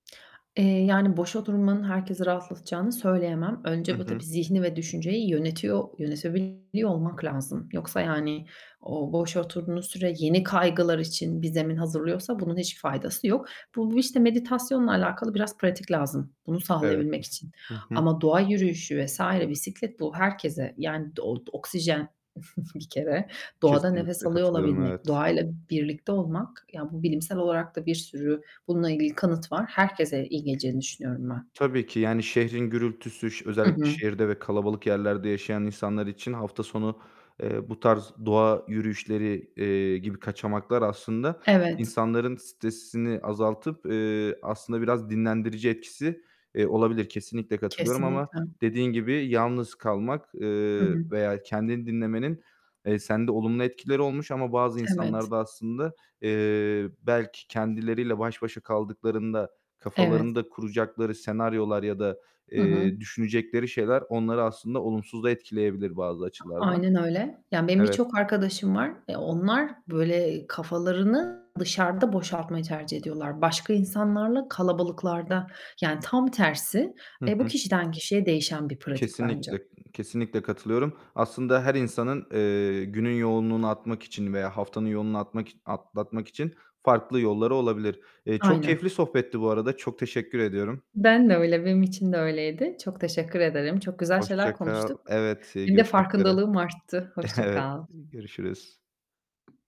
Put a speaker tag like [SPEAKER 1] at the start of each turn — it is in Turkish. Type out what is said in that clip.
[SPEAKER 1] Eee, yani, boş oturmanın herkesi rahatlatacağını söyleyemem.
[SPEAKER 2] Hı
[SPEAKER 1] Önce bu
[SPEAKER 2] hı.
[SPEAKER 1] tabii zihni ve düşünceyi yönetiyor yönetebiliyor olmak lazım. Yoksa yani, o boş oturduğunuz süre yeni kaygılar için bir zemin hazırlıyorsa bunun hiçbir faydası yok. Bu işte meditasyonla alakalı biraz pratik lazım bunu
[SPEAKER 2] Evet.
[SPEAKER 1] sağlayabilmek için
[SPEAKER 2] Hı hı.
[SPEAKER 1] ama doğa yürüyüşü vs. bisiklet bu herkese, yani,d o oksijen bir kere. Doğada nefes
[SPEAKER 2] Kesinlikle
[SPEAKER 1] alıyor
[SPEAKER 2] katılıyorum,
[SPEAKER 1] olabilmek,
[SPEAKER 2] evet.
[SPEAKER 1] doğayla birlikte olmak, ya bu bilimsel olarak da bir sürü bununla ilgili kanıt var. Herkese iyi geleceğini düşünüyorum ben.
[SPEAKER 2] Tabii ki, yani, şehrin gürültüsü
[SPEAKER 1] Hı
[SPEAKER 2] özellikle
[SPEAKER 1] hı.
[SPEAKER 2] şehirde ve kalabalık yerlerde yaşayan insanlar için hafta sonu, eee, bu tarz doğa yürüyüşleri, eee, gibi kaçamaklar aslında
[SPEAKER 1] Evet.
[SPEAKER 2] insanların stresini azaltıp, eee, aslında biraz dinlendirici etkisi, eee, olabilir. Kesinlikle katılıyorum ama
[SPEAKER 1] Kesinlikle.
[SPEAKER 2] dediğin gibi yalnız kalmak,
[SPEAKER 1] Hı
[SPEAKER 2] eee,
[SPEAKER 1] hı.
[SPEAKER 2] veya kendini dinlemenin, eee, sende olumlu etkileri olmuş ama bazı
[SPEAKER 1] Evet.
[SPEAKER 2] insanlar da aslında, eee, belki kendileriyle baş başa kaldıklarında
[SPEAKER 1] Evet.
[SPEAKER 2] kafalarında kuracakları senaryolar ya da,
[SPEAKER 1] Hı hı.
[SPEAKER 2] eee, düşünecekleri şeyler onları aslında olumsuz da etkileyebilir bazı açılardan.
[SPEAKER 1] Aynen öyle. Ya, benim
[SPEAKER 2] Evet.
[SPEAKER 1] birçok arkadaşım var. Eee, onlar, böyle, kafalarını dışarıda boşaltmayı tercih ediyorlar. Başka insanlarla kalabalıklarda yani, tam tersi.
[SPEAKER 2] Hı
[SPEAKER 1] Eee, bu
[SPEAKER 2] hı.
[SPEAKER 1] kişiden kişiye değişen bir pratik bence.
[SPEAKER 2] Kesinlikle, kesinlikle katılıyorum. Aslında her insanın, eee, günün yoğunluğunu atmak için veya haftanın yoğunluğunu atmak iç atlatmak için farklı yolları olabilir. Eee, çok
[SPEAKER 1] Aynen.
[SPEAKER 2] keyifli sohbetti bu arada, çok teşekkür ediyorum.
[SPEAKER 1] Ben de öyle, benim için de öyleydi. Çok teşekkür ederim, çok güzel şeyler
[SPEAKER 2] Hoşça kal.
[SPEAKER 1] konuştuk.
[SPEAKER 2] Evet,
[SPEAKER 1] Benim de
[SPEAKER 2] görüşmek üzere.
[SPEAKER 1] farkındalığım arttı, hoşça
[SPEAKER 2] Evet,
[SPEAKER 1] kal.
[SPEAKER 2] görüşürüz.